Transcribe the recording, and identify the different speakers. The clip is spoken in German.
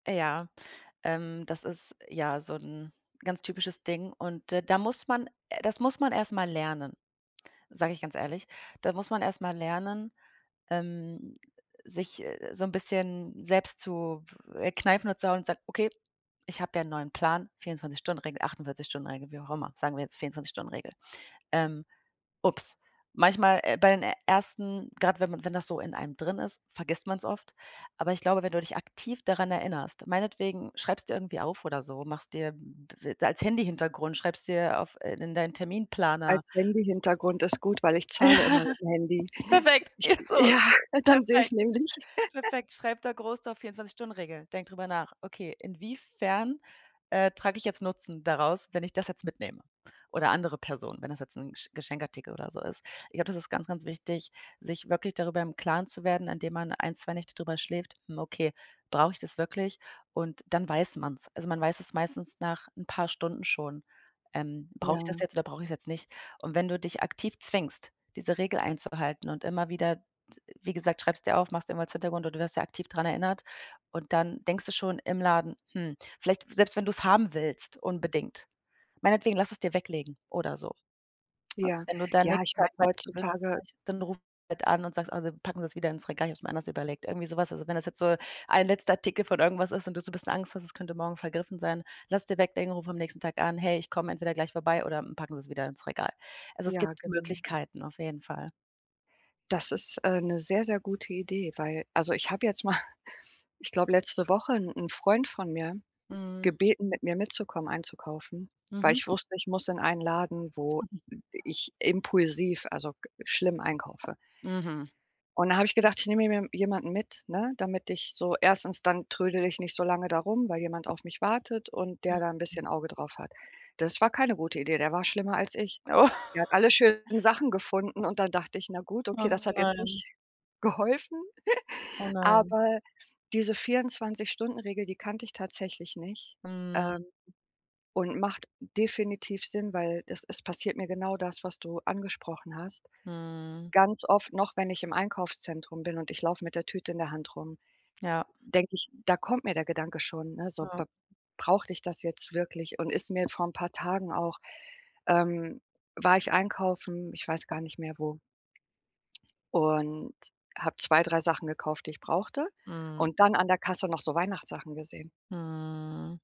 Speaker 1: Ja, ähm, das ist, ja, so 'n ganz typisches Ding und d da muss man das muss man erst mal lernen, sage ich ganz ehrlich. Da muss man erst mal lernen, ähm, sich so 'n bisschen selbst zu, äh, kneifen und zu hauen und zu sagen: „Okay, ich habe ja neuen Plan, 24- Stunden-Regel, 48- Stunden-Regel“, wie auch immer. Sagen wir jetzt 24- Stunden-Regel. Ähm. Ups. Manchmal, äh bei den ersten, grad wenn man wenn das so in einem drin ist, vergisst man's oft. Aber ich glaube, wenn du dich aktiv daran erinnerst, meinetwegen schreib's dir irgendwie auf oder so, machst dir als Handy-Hintergrund, schreibst dir auf äh, in deinen Terminplaner.
Speaker 2: Als Handy-Hintergrund ist gut, weil ich zahle immer
Speaker 1: Ja.
Speaker 2: mit dem Handy.
Speaker 1: Perfekt. Ja, so ist
Speaker 2: Ja,
Speaker 1: das
Speaker 2: dann sehe ich es
Speaker 1: perfekt.
Speaker 2: nämlich.
Speaker 1: Perfekt. Schreib da groß drauf: „24- Stunden-Regel.“ Denk drüber nach. Okay. Inwiefern, äh, trage ich jetzt Nutzen daraus, wenn ich das jetzt mitnehme? Oder andere Personen, wenn das jetzt 'n Gesch Geschenkartikel oder so ist? Ich glaube, das ist ganz, ganz wichtig, sich wirklich darüber im Klaren zu werden, indem man 1, 2 Nächte drüber schläft: „Hm, okay, brauch ich das wirklich?“ Und dann weiß man's. Also, man weiß es meistens nach 'n paar Stunden schon, ähm: „Brauche ich das
Speaker 2: Ja.
Speaker 1: jetzt oder brauch ich's jetzt nicht?“ Und wenn du dich aktiv zwingst, diese Regel einzuhalten und immer wieder d wie gesagt, schreib's dir auf, mach's irgendwo als Hintergrund und du wirst ja aktiv dran erinnert und dann denkst du schon im Laden: „Hm“, vielleicht selbst wenn du's haben willst, unbedingt. Meinetwegen, lass es dir weglegen oder so. Und
Speaker 2: Ja,
Speaker 1: wenn du dann
Speaker 2: ja,
Speaker 1: nächsten
Speaker 2: ich
Speaker 1: Tag
Speaker 2: meine
Speaker 1: weißt, du willst es
Speaker 2: heutzutage
Speaker 1: nicht, dann ruf halt an und sagst: „Oh, Sie packen Sie es wieder ins Regal, ich hab's mir anders überlegt.“ Irgendwie so was. Also, wenn das jetzt so 1 letzter Artikel von irgendwas ist und du so 'n bisschen Angst hast, es könnte morgen vergriffen sein, lass es dir weglegen, ruf am nächsten Tag an: „Hey, ich komme entweder gleich vorbei oder, hm, packen Sie's wieder ins Regal." Also, es
Speaker 2: Ja,
Speaker 1: gibt
Speaker 2: genau.
Speaker 1: Möglichkeiten, auf jeden Fall.
Speaker 2: Das ist, äh, 'ne sehr, sehr gute Idee, weil also ich habe jetzt mal ich glaube letzte Woche 'n 'n Freund von mir
Speaker 1: Mhm.
Speaker 2: gebeten, mit mir mitzukommen, einzukaufen, weil
Speaker 1: Mhm.
Speaker 2: ich wusste, ich muss in einen Laden, wo
Speaker 1: Mhm.
Speaker 2: ich impulsiv, also, g schlimm einkaufe.
Speaker 1: Mhm.
Speaker 2: Und da habe ich gedacht, ich nehme mir je jemanden mit, ne, damit ich so 1. dann trödele ich nicht so lange da rum, weil jemand auf mich wartet und der da 'n
Speaker 1: Mhm.
Speaker 2: bisschen Auge drauf hat. Das war keine gute Idee, der war schlimmer als ich.
Speaker 1: Oh.
Speaker 2: Der hat alle schönen Sachen gefunden und dann dachte ich: „Na gut,
Speaker 1: Oh
Speaker 2: okay, das hat jetzt
Speaker 1: nein.
Speaker 2: nicht geholfen.“
Speaker 1: Oh nein.
Speaker 2: Aber diese 24- Stunden-Regel, die kannte ich tatsächlich nicht,
Speaker 1: Mhm.
Speaker 2: ähm, und macht definitiv Sinn, weil, es es passiert mir genau das, was du angesprochen hast.
Speaker 1: Mhm.
Speaker 2: Ganz oft noch, wenn ich im Einkaufszentrum bin und ich laufe mit der Tüte in der Hand rum,
Speaker 1: Ja.
Speaker 2: denke ich da kommt mir der Gedanke schon, ne: „So,
Speaker 1: Ja.
Speaker 2: b brauchte ich das jetzt wirklich?“ Und ist mir vor 'n paar Tagen auch ähm, war ich einkaufen, ich weiß gar nicht mehr wo und habe 2, 3 Sachen gekauft, die ich brauchte
Speaker 1: Mhm.
Speaker 2: und dann an der Kasse noch so Weihnachtssachen gesehen.
Speaker 1: Mhm.